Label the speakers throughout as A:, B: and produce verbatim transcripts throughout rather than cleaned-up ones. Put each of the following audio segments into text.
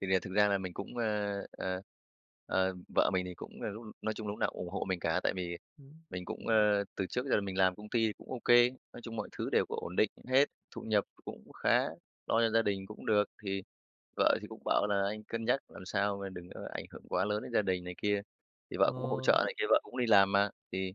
A: Thì là thực ra là mình cũng, ơ, ờ, ờ, vợ mình thì cũng là lúc nói chung là lúc nào cũng ủng hộ mình cả, tại vì
B: Ừm.
A: mình cũng, ơ, từ trước giờ mình làm công ty cũng ô kê, nói chung mọi thứ đều cũng ổn định hết, thu nhập cũng khá, lo cho gia đình cũng được. Thì vợ thì cũng bảo là: "Anh cân nhắc làm sao mà đừng có ảnh hưởng quá lớn đến gia đình" này kia, thì vợ cũng hỗ
B: Ờ.
A: trợ này kia, vợ cũng đi làm mà. Thì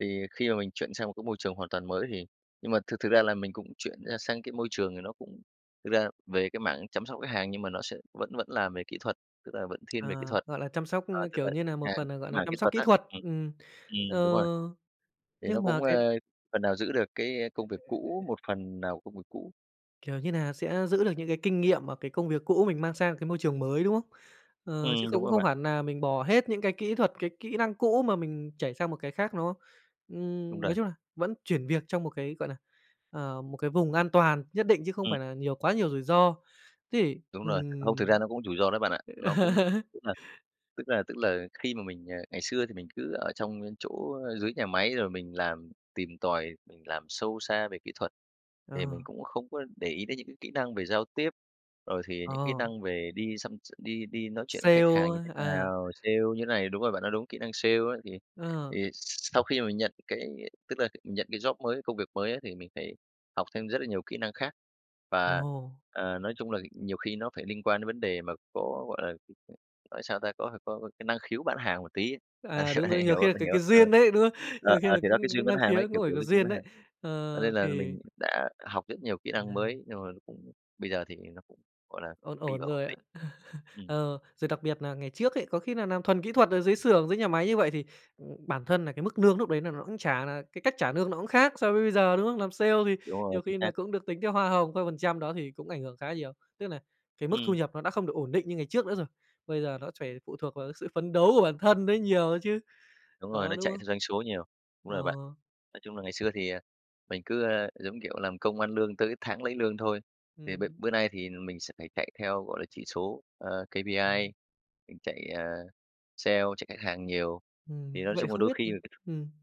A: thì khi mà mình chuyển sang một cái môi trường hoàn toàn mới thì nhưng mà thực thực ra là mình cũng chuyển ra sang cái môi trường thì nó cũng thực ra về cái mảng chăm sóc khách hàng, nhưng mà nó sẽ vẫn vẫn làm về kỹ thuật, tức là vẫn thiên về kỹ
B: À,
A: thuật.
B: gọi là, chăm sóc,
A: Ờ,
B: như
A: tức là
B: kiểu như
A: khách
B: nà, một
A: hàng
B: phần nà,
A: cái
B: gọi là
A: mảng kỹ
B: chăm sóc
A: thuật
B: kỹ
A: á.
B: thuật.
A: Ừm.
B: Ừm. Ờ.
A: Ừm, đúng rồi. Thì nó
B: Nhưng mà
A: cũng,
B: cái.
A: ơ, phần nào giữ được cái, a, công việc cũ, một phần nào công việc cũ.
B: Kiểu như nà sẽ giữ được những cái kinh nghiệm và cái công việc cũ mình mang sang một cái môi trường mới, đúng không? Ờ, chứ
A: Ừm, đúng
B: cũng
A: rồi
B: không
A: bạn.
B: phải nà mình bỏ hết những cái kỹ thuật, cái kỹ năng cũ mà mình chảy sang một cái khác, đúng không?
A: Đúng
B: Ừm,
A: rồi.
B: nói chung là vẫn chuyển việc trong một cái, gọi là, ờ, một cái vùng an toàn nhất định chứ không
A: Ừm.
B: phải là nhiều quá nhiều rủi ro. Thế thì
A: Đúng rồi. Không, thực ra
B: ừm.
A: nó cũng rủi ro đó bạn ạ. Nó cũng tức là tức là tức là khi mà mình, à, ngày xưa thì mình cứ ở trong cái chỗ, ơ, dưới nhà máy rồi mình làm, tìm tòi, mình làm sâu xa về kỹ thuật thì mình
B: Ờ.
A: cũng không có để ý đến những cái kỹ năng về giao tiếp, rồi thì những kỹ
B: Ờ.
A: năng về đi xăm x đi đi nói chuyện khách hàng
B: Sale,
A: như thế
B: ơ, à.
A: nào, sale như này đúng rồi, bạn nói đúng kỹ năng sale á. Thì
B: Ờ.
A: thì sau khi mà mình nhận cái tức là mình nhận cái job mới, công việc mới á thì mình phải học thêm rất là nhiều kỹ năng khác. Và,
B: Ồ!
A: ờ, nói chung là nhiều khi nó phải liên quan đến vấn đề mà có, gọi là, nói sao ta? Có phải có cái năng khiếu bán hàng một tí,
B: À, đúng rồi,
A: hiểu
B: nhiều khi
A: không?
B: là
A: Bạn
B: cái
A: hiểu
B: cái
A: không? Ờ.
B: duyên ấy, đúng không?
A: Ờ,
B: Nhiều khi
A: ờ
B: nà
A: thì đó cái
B: cũng
A: duyên
B: có
A: bán
B: năng
A: hàng đấy,
B: khiếu,
A: kiểu,
B: nó phải
A: kiểu,
B: có
A: cái duyên
B: duyên
A: bán hàng.
B: đấy.
A: Cho
B: Ờ,
A: nên là
B: thì
A: mình đã học rất nhiều kỹ năng
B: Ừm.
A: mới, nhưng mà cũng bây giờ thì nó cũng, gọi là,
B: Ổn
A: đi
B: ổn
A: vào ổn
B: rồi à?
A: định. Ừm.
B: Ờ, rồi đặc biệt nà ngày trước ấy, có khi nà nàm thuần kỹ thuật ở dưới xưởng, dưới nhà máy như vậy thì, ừm, bản thân nà cái mức lương núc đấy nà nó cũng trả là cái cách trả lương nó cũng khác so với bây giờ, đúng không? Làm sale thì
A: Đúng rồi,
B: nhiều
A: chính
B: khi
A: xác.
B: là cũng được tính theo hoa hồng, theo phần trăm, đó thì cũng ảnh hưởng khá nhiều, tức nà cái mức thu
A: Ừm.
B: nhập nó đã không được ổn định như ngày trước nữa rồi, bây giờ nó phải phụ thuộc vào cái sự phấn đấu của bản thân đấy nhiều á chứ.
A: Đúng rồi,
B: Đó,
A: nó
B: đúng
A: chạy
B: không?
A: theo doanh số nhiều. Đúng
B: Ờ.
A: rồi bạn. Nói chung là ngày xưa thì, ờ, mình cứ, ơ, giống như kiểu, làm công ăn lương tới tháng lấy lương thôi. Thì b
B: Ừm.
A: bữa nay thì mình sẽ phải chạy theo, gọi là, chỉ số, ờ,
B: Ừm.
A: KPI, mình chạy, ờ, sale, chạy khách hàng nhiều.
B: Ừm,
A: Thì nói
B: vậy
A: chung là
B: không
A: đôi
B: biết,
A: khi
B: ừm ừm.